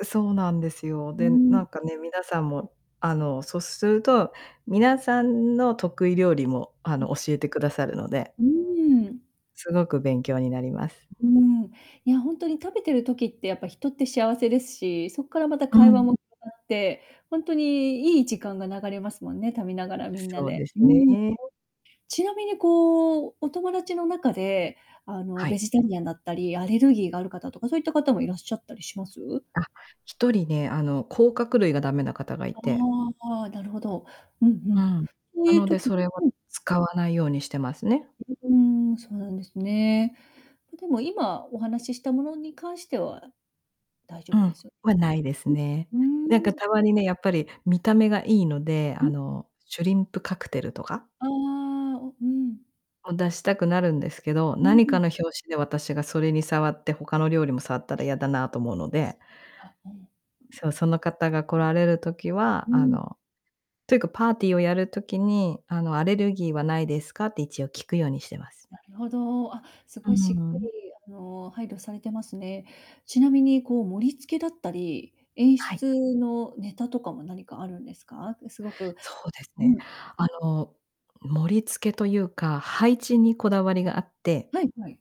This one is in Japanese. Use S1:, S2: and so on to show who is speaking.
S1: う、そうなんですよ。
S2: うー
S1: で、なん
S2: ん。
S1: かね、皆さんも、あの、そっすると、皆さんの得意料理も、あの、
S2: う。
S1: 教えてくださるので
S2: うーん。
S1: すごく勉強になります。
S2: うーん。いや、本当に食べてる時ってやっぱ人って幸せですし、そっからまた
S1: う
S2: 会話
S1: ん。
S2: も [unintelligible] まって、ほんとにいい時間が流れますもんね、食べながらみんな
S1: そうで
S2: で。
S1: す
S2: う
S1: ね。
S2: ん。ちなみにこう、お友達の中で、あの、
S1: は
S2: ベ
S1: い。
S2: ジタリアンだったり、アレルギーがある方とかそういった方もいらっしゃったりします？
S1: あ、1人ね、あの、甲殻類が駄目な方がい
S2: あ
S1: て。
S2: あ、なるほど。うんう
S1: う
S2: ん。
S1: ん、
S2: そう
S1: な
S2: いう
S1: ので
S2: 時
S1: それは
S2: うん。
S1: 使わないようにしてますね。
S2: ううーん、そうなんですね。ま、でも、今お話ししたものに関しては大丈
S1: うん、
S2: 夫ですよ
S1: は無いです
S2: ね？
S1: ね。
S2: ううー
S1: なんか、
S2: ん。
S1: たまにね、やっぱり、見た目が良いので、あ
S2: う。
S1: のシュリンプカクテルとか
S2: ああ、お、うん。
S1: を出したくなるんですけど、
S2: うー
S1: 何か
S2: ん。
S1: の拍子で私がそれに触って、他の料理も触ったらやだなと思うので
S2: あ、うん。
S1: そう、その方が来られる時は、
S2: う
S1: あ
S2: ん。
S1: のというか、パーティーをやる時に、あのアレルギーはないですかって一応聞くようにしてます。
S2: なるほど。あ、す
S1: う
S2: ごいしっかり、
S1: ん。
S2: あの、配慮されてますね。ちなみに、こう、盛り付けだったり、演
S1: はい。
S2: 出のネタとかも何かあるんですか？くすごく
S1: そうです
S2: う
S1: ね、
S2: ん。
S1: あの盛り付けというか、配置にこだわりがあって
S2: はいはい。